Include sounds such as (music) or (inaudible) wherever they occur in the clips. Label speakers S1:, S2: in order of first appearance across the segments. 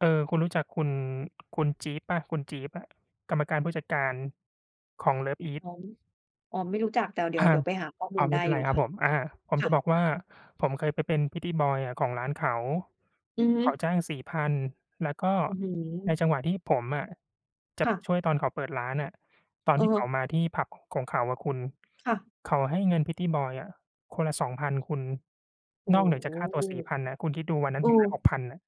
S1: เออ คุณรู้จักคุณ คุณจี๊บเปล่า คุณจี๊บอะ กรรมการผู้จัดการของ
S2: อ
S1: LOVEiS
S2: ๋อ อ๋อ ไม่รู้จัก แต่เดี๋
S1: อ
S2: ย
S1: า
S2: ว เดี๋ยวไปหาข้อม
S1: อ
S2: ู
S1: ๋อ
S2: ล
S1: ไม
S2: ได
S1: ่
S2: ้
S1: เป็น
S2: อ
S1: ไ
S2: ย
S1: ร
S2: ู่
S1: ครั
S2: ค
S1: บ
S2: ่ะ
S1: ผม อา ผม
S2: ค
S1: จ
S2: ่
S1: ะ
S2: ะ
S1: บอกว่า ผมเคยไปเป็น pretty boy อะ ของร้านเขา
S2: อือฮึ
S1: เขาจ้าง 4,000 แล้วก็
S2: อื้อฮื
S1: ใน
S2: อ
S1: จังหวะที่ผมอะจะ
S2: ค
S1: ไ
S2: ่
S1: ป
S2: ะ
S1: ช่วยตอนเขาเปิดร้านอะ ตอน
S2: เ
S1: ที่เข
S2: ออ
S1: ามาที่ผับของเขาอะคุณ
S2: ค่ะ
S1: เขาให้เงิน pretty boy อะ คนละ 2,000 คุณ
S2: โอ้
S1: นอกเหนือจ
S2: โฮ
S1: ากค่าตัว 4,000 อะ คุณคิดดูวันนั้
S2: เ
S1: น
S2: ออ
S1: ผมได้ 6,000 อะ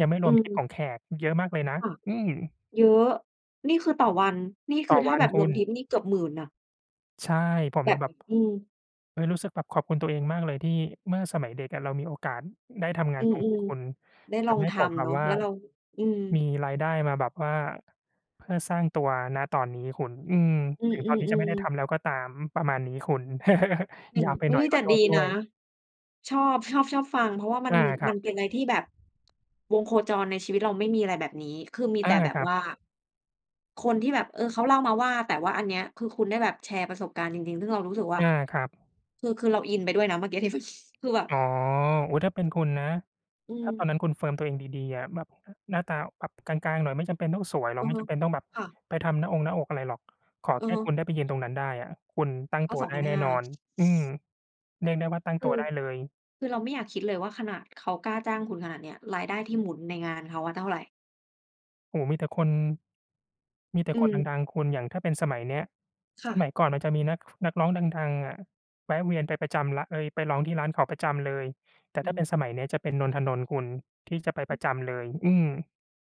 S1: ยังไม่
S2: อื
S1: รวมทิป
S2: ม
S1: ของแขก เยอะมากเลยนะ
S2: ค่ะ
S1: อืม
S2: เยอะ นี่คือต่อวัน นี่ค
S1: ต่
S2: ื
S1: อ
S2: อถ
S1: ว
S2: ้า
S1: ั
S2: แ
S1: น
S2: บบ
S1: ค
S2: ร
S1: ุ
S2: วม
S1: ณ
S2: ทิปนี่เกือบ 10,000 อะ
S1: ใช่ ผม
S2: แบ
S1: เล
S2: บ
S1: ยแบบ
S2: อืม
S1: เอ๊ย รู้สึกแบบขอบคุณตัวเองมากเลยที่เมื่อสมัยเด็กอะ เรามีโอกาสได้ทำง
S2: อ
S1: า
S2: ื
S1: นตรงนี
S2: ม
S1: ้คุณ
S2: ๆ ได้
S1: ท
S2: ลอง
S1: ำให้
S2: ท
S1: ผมแบ
S2: ำเน
S1: บ
S2: าะ
S1: ว่า
S2: แล้วเรา อืม
S1: มีรายได้มาแบบว่าเพื่อสร้างตัว ณ ตอนนี้คุณ อืม
S2: อื
S1: ถึงตอนนี้จะไม่
S2: อ
S1: ได้ท
S2: ๆ ๆ
S1: ำแล้วก็ตาม อ ประมาณนี้คุณ (chuckles)
S2: อย่า
S1: ย
S2: ง
S1: าวไป
S2: เอ
S1: หน
S2: ๊
S1: ่อ
S2: ย
S1: ยข
S2: แต
S1: อ
S2: ่
S1: โท
S2: ด
S1: ษ
S2: ี
S1: ด้
S2: น
S1: ว
S2: ะ
S1: ย
S2: ชอบ ชอบ ชอบฟัง เพราะว่ามั
S1: อ
S2: น
S1: า คร
S2: ม
S1: ั
S2: ัน
S1: บ
S2: เป็นอะไรที่แบบ วงโคจรในชีวิตเราไม่มีอะไรแบบนี้ คือมี
S1: เอ
S2: แ
S1: อ
S2: ต่แบ
S1: ค
S2: บ
S1: รั
S2: ว
S1: บ
S2: ่า คนที่แบบ เออ เขาเล่ามาว่า แต่ว่าอันเนี้ยคือคุณได้แบบแชร์ประสบการณ์จริง ๆ ซึ่งเรารู้สึกว่า
S1: อา ครับ
S2: คือ คือเราอินไปด้วยนะเมื่อกี้ที่แบบ (chuckles) คือแบบ
S1: อ๋อ อุ๊ย ถ้าเป็นคุณนะ
S2: อื
S1: ถ้าตอน
S2: ม
S1: นั้นคุณเฟิร์มตัวเองดี ๆ อะ แบบ อ หน้าตาแบบกลาง ๆ หน่อยไม่จำเป็นต้องสวยหร
S2: อ
S1: อก
S2: ือ
S1: ไม่
S2: ฮึ
S1: จำเป็นต้องแบบ
S2: ค่ะ
S1: ไปทำหน้าองหน้าอกอะไรหรอก ขอ
S2: อ
S1: แ
S2: ื
S1: ค
S2: อ
S1: ่
S2: ฮึ
S1: คุณได้ไปยืนตรงนั้นได้อะ คุณตั้ง
S2: เอ
S1: ต
S2: า
S1: ัว
S2: สอง
S1: ได้
S2: พัน
S1: แน่
S2: ห้า
S1: นอน อืม เรียกได้ว่าตั้ง
S2: ค
S1: ต
S2: ื
S1: ัว
S2: อ
S1: ได้เลย
S2: คือเราไม่อยากคิดเลยว่า ขนาดเขากล้าจ้างคุณขนาดเนี้ย รายได้ที่หมุนในงานเขาอะเท่าไหร่
S1: โอ้ มีแต่คน มีแต่
S2: อื
S1: คน
S2: ม
S1: ดัง ๆ คุณ อย่างถ้าเป็นสมัยเนี้ย
S2: ค่
S1: สม
S2: ะ
S1: ัยก่อนมันจะมีนัก ฟ นักร้องดัง ๆ อะ แวะเวียนไปประจำแหละ เอ๊ย ไปร้องที่ร้านเขาประจำเลย แต่
S2: อ
S1: ถ้า
S2: ื
S1: เป็น
S2: ม
S1: สมัยนี้จะเป็น นน ธนนท์คุณ ที่จะไปปร
S2: ฮ
S1: ะจำเลย อืม